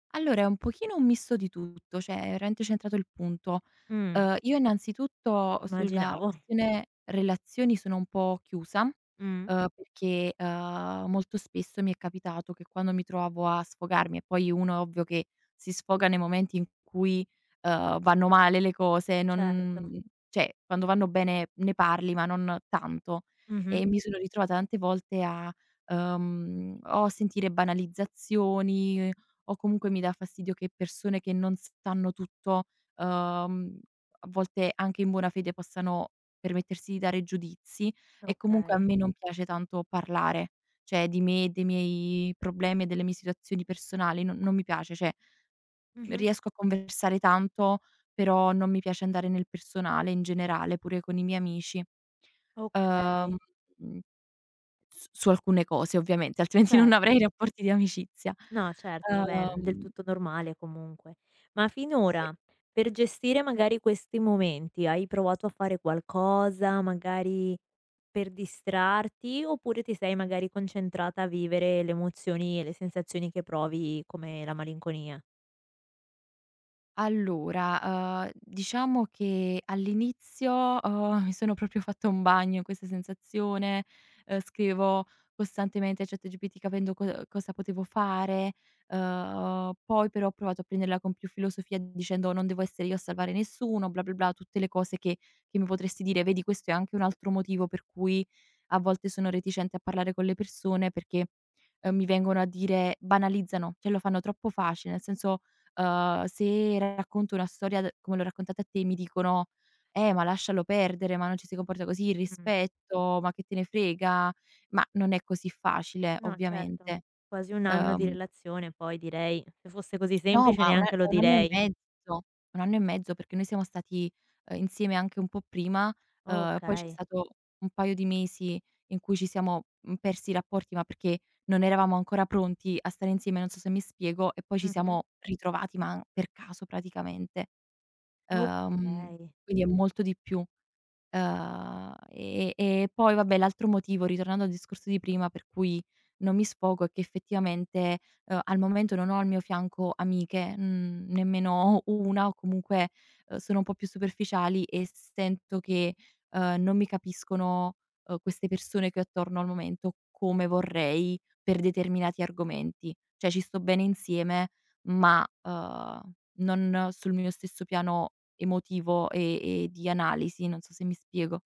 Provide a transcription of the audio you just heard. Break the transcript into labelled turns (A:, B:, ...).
A: Allora è un pochino un misto di tutto, cioè hai veramente centrato il punto.
B: Mh.
A: Uhm, io innanzitutto sulla
B: Immaginavo.
A: questione relazioni sono un po' chiusa,
B: Mh.
A: uhm, perché, uhm, molto spesso mi è capitato che quando mi trovavo a sfogarmi e poi uno è ovvio che si sfoga nei momenti in cui, uhm, vanno male le cose,
B: Certo.
A: non cioè quando vanno bene ne parli, ma non tanto.
B: Mh mh.
A: E mi sono ritrovata tante volte a, uhm, o a sentire banalizzazioni o comunque mi dà fastidio che persone che non sanno tutto, uhm, a volte anche in buona fede possano permettersi di dare giudizi. E comunque a
B: Okay.
A: me non piace tanto parlare, cioè di me, dei miei problemi e delle mie situazioni personali no non mi piace, cioè
B: Mh-mh.
A: riesco a conversare tanto, però non mi piace andare nel personale in generale, pure con i miei amici.
B: Okay.
A: Uhm mhmm s su alcune cose ovviamente, altrimenti non avrei
B: Certo.
A: rapporti di amicizia.
B: No certo, vabbè del
A: Uhm
B: tutto normale comunque. Ma
A: E
B: finora per gestire magari questi momenti, hai provato a fare qualcosa, magari per distrarti, oppure ti sei magari concentrata a vivere le emozioni e le sensazioni che provi come la malinconia?
A: Allora, uhm, diciamo che all'inizio, uhm, mi sono proprio fatta un bagno in questa sensazione, uhm, scrivevo costantemente a ChatGPT capendo co cosa potevo fare. Uhm, poi però ho provato a prenderla con più filosofia dicendo: "Non devo essere io a salvare nessuno, blah-blah-blah" Tutte le cose che che mi potresti dire vedi questo è anche un altro motivo per cui a volte sono reticente a parlare con le persone perché, uhm, mi vengono a dire banalizzano, cioè lo fanno troppo facile, nel senso, uhm, se racconto una storia d come l'ho raccontata a te mi dicono: "Eh, ma lascialo perdere, ma non ci si comporta così, il
B: Mh.
A: rispetto, ma che te ne frega?" Ma non è così facile
B: No certo,
A: ovviamente.
B: quasi 1 anno di
A: Uhm
B: relazione poi direi se fosse così
A: No,
B: semplice
A: ma un a è
B: neanche lo
A: 1
B: direi.
A: anno e mezzo, perché noi siamo stati, uhm, insieme anche un po' prima. Uhm, poi c'è
B: Okay.
A: stato un paio di mesi in cui ci siamo, mhmm, persi i rapporti, ma perché non eravamo ancora pronti a stare insieme, non so se mi spiego, e poi ci
B: Mh-mh.
A: siamo ritrovati, ma per caso praticamente. Uhm,
B: Okay.
A: quindi è molto di più. Uhm, ehm, e poi vabbè, l'altro motivo, ritornando al discorso di prima, per cui non mi sfogo è che effettivamente, uhm, al momento non ho al mio fianco amiche, mhmm, nemmeno una o comunque, uhm, sono un po' più superficiali e sento che, uhm, non mi capiscono, uhm, queste persone che ho attorno al momento, come vorrei per determinati argomenti. Cioè ci sto bene insieme, ma, uhm, non sul mio stesso piano emotivo e e di analisi, non so se mi spiego.